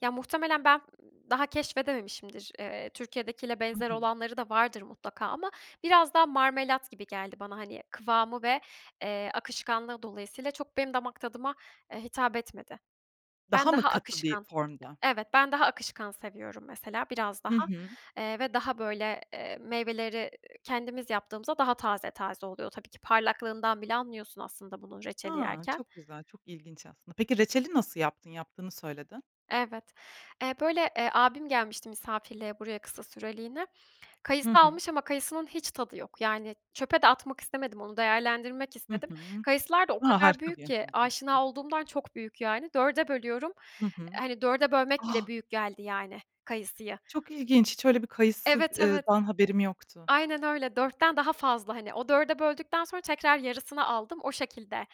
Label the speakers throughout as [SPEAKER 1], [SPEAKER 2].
[SPEAKER 1] Ya, muhtemelen ben, ııı, daha keşfedememişimdir. Eee, Türkiye'dekiyle
[SPEAKER 2] Hı
[SPEAKER 1] benzer
[SPEAKER 2] hı.
[SPEAKER 1] olanları da vardır mutlaka ama biraz daha marmelat gibi geldi bana, hani, kıvamı ve, eee, akışkanlığı dolayısıyla çok benim damak tadıma, eee, hitap etmedi. Ben
[SPEAKER 2] Daha mı
[SPEAKER 1] daha
[SPEAKER 2] katı bir
[SPEAKER 1] akışkan
[SPEAKER 2] formda?
[SPEAKER 1] Evet, ben daha akışkan seviyorum mesela, biraz
[SPEAKER 2] Hı
[SPEAKER 1] daha.
[SPEAKER 2] hı.
[SPEAKER 1] Eee, ve daha, böyle, eee, meyveleri kendimiz yaptığımızda daha taze taze oluyor tabii ki. Parlaklığından bile anlıyorsun aslında bunun reçeli
[SPEAKER 2] A
[SPEAKER 1] yerken.
[SPEAKER 2] çok güzel, çok ilginç aslında. Peki reçeli nasıl yaptın? Yaptığını söyledin.
[SPEAKER 1] Evet, eee, böyle, eee, abim gelmişti misafirliğe buraya kısa süreliğine. Kayısı
[SPEAKER 2] Hı hı.
[SPEAKER 1] almış ama kayısının hiç tadı yok. Yani çöpe de atmak istemedim, onu değerlendirmek
[SPEAKER 2] Hı
[SPEAKER 1] istedim.
[SPEAKER 2] hı.
[SPEAKER 1] Kayısılar da o
[SPEAKER 2] A
[SPEAKER 1] kadar
[SPEAKER 2] harika bir
[SPEAKER 1] büyük ki
[SPEAKER 2] yöntem bu.
[SPEAKER 1] aşina olduğumdan çok büyük yani 4'e bölüyorum.
[SPEAKER 2] Hı hı.
[SPEAKER 1] Hani 4'e bölmek bile
[SPEAKER 2] A!
[SPEAKER 1] büyük geldi yani kayısıyı.
[SPEAKER 2] Çok ilginç, hiç öyle bir kayısı
[SPEAKER 1] Evet,
[SPEAKER 2] eee,
[SPEAKER 1] evet.
[SPEAKER 2] dan haberim yoktu.
[SPEAKER 1] Aynen öyle, 4'ten daha fazla hani o 4'e böldükten sonra tekrar yarısını aldım. O şekilde,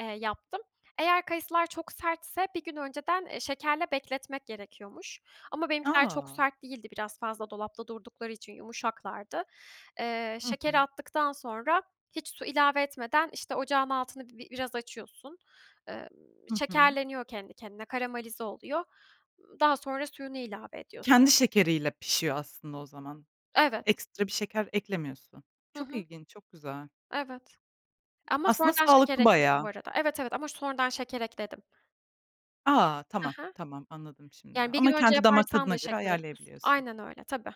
[SPEAKER 1] eee, yaptım. Eğer kayısılar çok sertse bir gün önceden, eee, şekerle bekletmek gerekiyormuş. Ama benimkiler çok
[SPEAKER 2] A!
[SPEAKER 1] sert değildi biraz fazla dolapta durdukları için yumuşaklardı. Eee,
[SPEAKER 2] Hı
[SPEAKER 1] şekeri
[SPEAKER 2] hı.
[SPEAKER 1] attıktan sonra hiç su ilave etmeden, işte, ocağın altını bi biraz açıyorsun. Eee,
[SPEAKER 2] Hı hı.
[SPEAKER 1] şekerleniyor kendi kendine, karamelize oluyor. Imm, daha sonra suyunu ilave
[SPEAKER 2] Kendi
[SPEAKER 1] ediyorsun.
[SPEAKER 2] şekeriyle pişiyor aslında o zaman.
[SPEAKER 1] Evet.
[SPEAKER 2] Ekstra bir şeker eklemiyorsun.
[SPEAKER 1] Hı
[SPEAKER 2] Çok
[SPEAKER 1] hı.
[SPEAKER 2] ilginç, çok güzel.
[SPEAKER 1] Evet. Ama
[SPEAKER 2] Aslında
[SPEAKER 1] sonradan şeker
[SPEAKER 2] sağlıklı
[SPEAKER 1] ekledim bu
[SPEAKER 2] bayağı.
[SPEAKER 1] arada Evet, evet, ama sonradan şeker ekledim.
[SPEAKER 2] A!
[SPEAKER 1] Ha
[SPEAKER 2] Tamam,
[SPEAKER 1] ha.
[SPEAKER 2] tamam, anladım şimdi.
[SPEAKER 1] Yani 1 gün
[SPEAKER 2] Ama
[SPEAKER 1] önce
[SPEAKER 2] kendi damak
[SPEAKER 1] yaparsan
[SPEAKER 2] tadına
[SPEAKER 1] da
[SPEAKER 2] göre
[SPEAKER 1] şeker ekliyorsun.
[SPEAKER 2] ayarlayabiliyorsun.
[SPEAKER 1] Aynen öyle, tabii.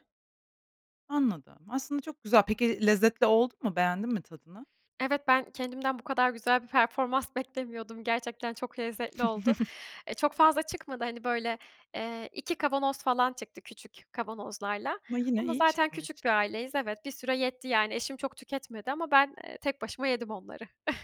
[SPEAKER 2] Anladım, aslında çok güzel. Peki lezzetli oldu mu? Beğendin mi tadını?
[SPEAKER 1] Evet, ben kendimden bu kadar güzel bir performans beklemiyordum. Gerçekten çok lezzetli oldu. E, çok fazla çıkmadı hani, böyle, eee, 2 kavanoz falan çıktı küçük kavanozlarla.
[SPEAKER 2] Ama yine
[SPEAKER 1] Ama
[SPEAKER 2] iyi
[SPEAKER 1] zaten
[SPEAKER 2] çıkmış.
[SPEAKER 1] küçük bir aileyiz Evet. Bir süre yetti yani. Eşim çok tüketmedi ama ben, eee, tek başıma yedim onları.